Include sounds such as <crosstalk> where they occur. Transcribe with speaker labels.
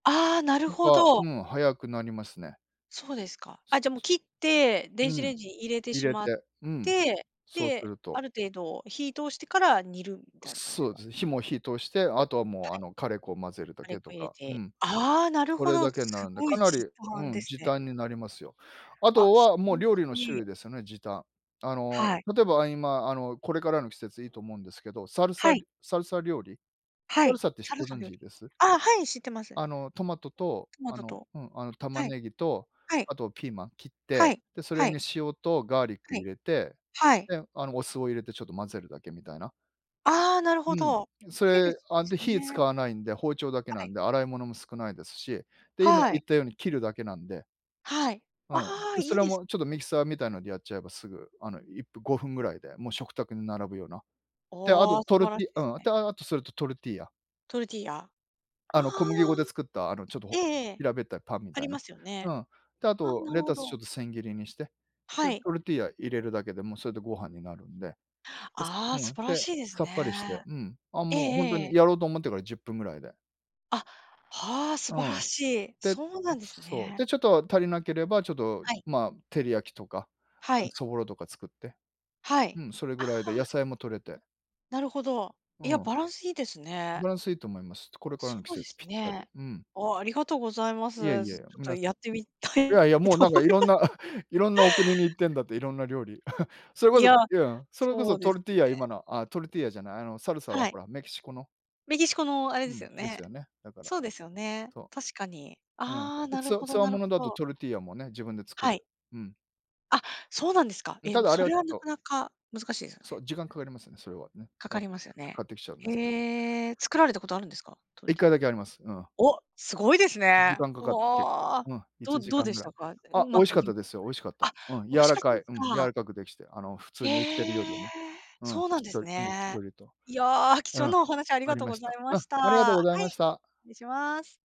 Speaker 1: ああ、なる
Speaker 2: と
Speaker 1: ほ
Speaker 2: か、
Speaker 1: ど。
Speaker 2: うん、早くなりますね。
Speaker 1: そうですか、あ、じゃもう切って、
Speaker 2: う
Speaker 1: 電子
Speaker 2: ん、
Speaker 1: レンジに入れて
Speaker 2: 入
Speaker 1: し
Speaker 2: れ
Speaker 1: まっ
Speaker 2: て、うん、
Speaker 1: て、
Speaker 2: すそうす
Speaker 1: で、
Speaker 2: る
Speaker 1: あ
Speaker 2: と。
Speaker 1: る程度火通してから煮るみたいな感じす
Speaker 2: そうで
Speaker 1: か？
Speaker 2: すね、火も火通して、あとはもう、
Speaker 1: は
Speaker 2: あ
Speaker 1: い。
Speaker 2: の、カレー粉を混ぜるだ
Speaker 1: カレ
Speaker 2: け
Speaker 1: ー
Speaker 2: と
Speaker 1: 粉入れ
Speaker 2: か、う
Speaker 1: て。
Speaker 2: ん。
Speaker 1: ああ、なる
Speaker 2: こ
Speaker 1: ほ
Speaker 2: れ
Speaker 1: ど、
Speaker 2: だけ
Speaker 1: す
Speaker 2: なんで、
Speaker 1: ご
Speaker 2: か
Speaker 1: い
Speaker 2: な
Speaker 1: 時
Speaker 2: り、う
Speaker 1: 短で
Speaker 2: ん、
Speaker 1: す
Speaker 2: 時
Speaker 1: ね。
Speaker 2: 短になりますよ。あ
Speaker 1: あ、
Speaker 2: と
Speaker 1: <unintelligible>
Speaker 2: はもう、料
Speaker 1: し
Speaker 2: 理の種類
Speaker 1: て
Speaker 2: ですよね、時短。あの、
Speaker 1: はい。
Speaker 2: 例えば今、あの、これからの季節いいと思うんですけど、サルサ
Speaker 1: はい。
Speaker 2: りサルサ料理？
Speaker 1: は
Speaker 2: サル
Speaker 1: い、
Speaker 2: サってし
Speaker 1: サル
Speaker 2: ご
Speaker 1: サ
Speaker 2: 存
Speaker 1: の料
Speaker 2: 知
Speaker 1: 理、
Speaker 2: です？
Speaker 1: あ、はい、知ってます。
Speaker 2: あの、トマトと、
Speaker 1: トマ
Speaker 2: あ
Speaker 1: ト
Speaker 2: の
Speaker 1: と。
Speaker 2: うん、あの、玉
Speaker 1: はい。
Speaker 2: ねぎと、
Speaker 1: はい。
Speaker 2: あとピーマン切っ
Speaker 1: は
Speaker 2: て、
Speaker 1: い、
Speaker 2: で、それ
Speaker 1: はい。
Speaker 2: に塩とガーリック
Speaker 1: は
Speaker 2: 入
Speaker 1: い。
Speaker 2: れて、
Speaker 1: はい。
Speaker 2: で、あの、お酢を入れてちょっと混ぜるだけみたいな。
Speaker 1: ああ、なる
Speaker 2: う
Speaker 1: ほ
Speaker 2: ん。
Speaker 1: ど。
Speaker 2: ん、そ
Speaker 1: ヘル
Speaker 2: れ、
Speaker 1: シー
Speaker 2: あ、
Speaker 1: す
Speaker 2: で、火使
Speaker 1: ね。
Speaker 2: わないんで、包丁だけな
Speaker 1: は
Speaker 2: ん
Speaker 1: い。
Speaker 2: で、洗い物も少ないですし、で、今
Speaker 1: は
Speaker 2: 言
Speaker 1: い。
Speaker 2: ったように切るだけなんで
Speaker 1: はい。
Speaker 2: うん。
Speaker 1: ああ、
Speaker 2: で、そ
Speaker 1: いい
Speaker 2: れ
Speaker 1: です
Speaker 2: もち
Speaker 1: ね。
Speaker 2: ょっとミキサーみたいなでやっちゃえば、すぐ、あの、いっぷ5分ぐらいでもう食卓に並ぶような。で、あ
Speaker 1: おお
Speaker 2: と
Speaker 1: あ、素
Speaker 2: トル
Speaker 1: 晴ら
Speaker 2: テ
Speaker 1: し
Speaker 2: ィ
Speaker 1: いです
Speaker 2: うん、
Speaker 1: ね。
Speaker 2: で、ああ、あとそれとトルティーヤ。
Speaker 1: トルティーヤ。あ
Speaker 2: あ
Speaker 1: あ。
Speaker 2: の、小麦粉で作った、あの、ちょっと
Speaker 1: ええ
Speaker 2: ほ
Speaker 1: ええ、
Speaker 2: 平べったいパンみ
Speaker 1: あ
Speaker 2: た
Speaker 1: り
Speaker 2: い
Speaker 1: ま
Speaker 2: な、
Speaker 1: すよ
Speaker 2: う
Speaker 1: ね。
Speaker 2: ん。で、あ
Speaker 1: あ、
Speaker 2: と
Speaker 1: なる
Speaker 2: レ
Speaker 1: ほ
Speaker 2: タスちょ
Speaker 1: ど。
Speaker 2: っと千切りにして、で、
Speaker 1: はい。
Speaker 2: トルティーヤ入れるだけでもうそれでご飯になるんで。です
Speaker 1: ああ、
Speaker 2: う
Speaker 1: 素
Speaker 2: ん。
Speaker 1: 晴ら
Speaker 2: で、
Speaker 1: しいです
Speaker 2: さっぱりし
Speaker 1: ね。
Speaker 2: て、うん、あ、
Speaker 1: ええ
Speaker 2: もうほんと
Speaker 1: え
Speaker 2: に、
Speaker 1: え。
Speaker 2: やろうと思ってから10分ぐらいで
Speaker 1: あ、はあ、素
Speaker 2: う
Speaker 1: 晴ら
Speaker 2: ん。
Speaker 1: しい、
Speaker 2: で、
Speaker 1: そうなんです
Speaker 2: そう、で、
Speaker 1: ね。
Speaker 2: ちょっと足りなければ、ちょっと、
Speaker 1: はい。
Speaker 2: ま、照り焼きとか、
Speaker 1: は
Speaker 2: あの、
Speaker 1: い。
Speaker 2: そぼろとか作って。
Speaker 1: は
Speaker 2: う
Speaker 1: い。
Speaker 2: ん、それ
Speaker 1: あ
Speaker 2: ぐらいで、
Speaker 1: あ。
Speaker 2: 野菜も取れて
Speaker 1: なるほど、
Speaker 2: う
Speaker 1: いや、
Speaker 2: ん。
Speaker 1: バランスいいですね。
Speaker 2: バランスいいと思います。つこれから
Speaker 1: そ
Speaker 2: の季
Speaker 1: うで
Speaker 2: 節
Speaker 1: す
Speaker 2: ぴったり。
Speaker 1: ね。
Speaker 2: うん。
Speaker 1: お、ありがとうございま
Speaker 2: いえ
Speaker 1: す。
Speaker 2: い
Speaker 1: ずち
Speaker 2: え、
Speaker 1: ょっと
Speaker 2: 皆さ
Speaker 1: やってみた
Speaker 2: んいや
Speaker 1: い
Speaker 2: いや、もう
Speaker 1: と
Speaker 2: なん
Speaker 1: 思
Speaker 2: か
Speaker 1: い
Speaker 2: 色ん
Speaker 1: ま
Speaker 2: な <chuckles> 色んな、お国に行ってんだって、色んな料理。<chuckles> それこ
Speaker 1: い
Speaker 2: そ
Speaker 1: や、
Speaker 2: いうん、それこ
Speaker 1: そ
Speaker 2: そ
Speaker 1: うで
Speaker 2: ト
Speaker 1: す
Speaker 2: ルティーヤ、
Speaker 1: ね。
Speaker 2: 今のあ、トルティーヤじゃない、あの、サルサは
Speaker 1: はい。
Speaker 2: ほら、メキシコの
Speaker 1: メキシコのあれ
Speaker 2: う
Speaker 1: です
Speaker 2: ん、
Speaker 1: よ
Speaker 2: で
Speaker 1: ね？
Speaker 2: すよね、だから、
Speaker 1: そうですよね？
Speaker 2: そ
Speaker 1: 確かに、
Speaker 2: う。うん。
Speaker 1: ああ、
Speaker 2: で、
Speaker 1: な
Speaker 2: つ
Speaker 1: る
Speaker 2: わ
Speaker 1: ほど
Speaker 2: 強
Speaker 1: なる
Speaker 2: 者だと
Speaker 1: ほど。
Speaker 2: トルティーヤもね、自分で作
Speaker 1: はい。
Speaker 2: る。うん。
Speaker 1: あ、そうなんですか？
Speaker 2: うん、
Speaker 1: ええ、
Speaker 2: た
Speaker 1: も、
Speaker 2: だあ
Speaker 1: そ
Speaker 2: れは
Speaker 1: れ
Speaker 2: ちょ
Speaker 1: は
Speaker 2: っ
Speaker 1: な
Speaker 2: と
Speaker 1: かなか難しですよ
Speaker 2: そ
Speaker 1: ね。
Speaker 2: う、時間かかりますよね、それはね、
Speaker 1: か
Speaker 2: うん。
Speaker 1: か
Speaker 2: だか、
Speaker 1: りますよ
Speaker 2: 買
Speaker 1: ね。
Speaker 2: ってきちゃうんですけど。
Speaker 1: へえ、作られたことあるんですか？ト
Speaker 2: い
Speaker 1: ル
Speaker 2: っ
Speaker 1: ティ
Speaker 2: か
Speaker 1: ー
Speaker 2: い
Speaker 1: ヤ。
Speaker 2: だけあります、うん。
Speaker 1: お！すごいです
Speaker 2: 時
Speaker 1: ね。
Speaker 2: 間かかった、結構。
Speaker 1: わ、
Speaker 2: うん、いち
Speaker 1: ど
Speaker 2: じ
Speaker 1: どう
Speaker 2: かん
Speaker 1: で
Speaker 2: ぐ
Speaker 1: し
Speaker 2: らい。
Speaker 1: たか？うう
Speaker 2: あ、美
Speaker 1: まく
Speaker 2: 味しかっ
Speaker 1: ゆ
Speaker 2: たですよ、美味しかった。
Speaker 1: あ、
Speaker 2: うん、柔
Speaker 1: 美味し
Speaker 2: ら
Speaker 1: かった
Speaker 2: か
Speaker 1: ん
Speaker 2: い。うん、柔
Speaker 1: す
Speaker 2: ら
Speaker 1: か。
Speaker 2: かくできて、あの、普通に売ってるより
Speaker 1: ええ。
Speaker 2: も。うん、
Speaker 1: そうなん
Speaker 2: しっ
Speaker 1: で
Speaker 2: と
Speaker 1: す
Speaker 2: り。うん、しっ
Speaker 1: ね。
Speaker 2: とりと。
Speaker 1: いや、貴
Speaker 2: う
Speaker 1: 重
Speaker 2: ん、
Speaker 1: なお話あり
Speaker 2: あ
Speaker 1: が
Speaker 2: り
Speaker 1: とう
Speaker 2: ま
Speaker 1: ご
Speaker 2: し
Speaker 1: ざ
Speaker 2: た。
Speaker 1: いま
Speaker 2: うん、
Speaker 1: した。
Speaker 2: ありがとう
Speaker 1: は
Speaker 2: ござい
Speaker 1: い、
Speaker 2: ました。
Speaker 1: 失礼します。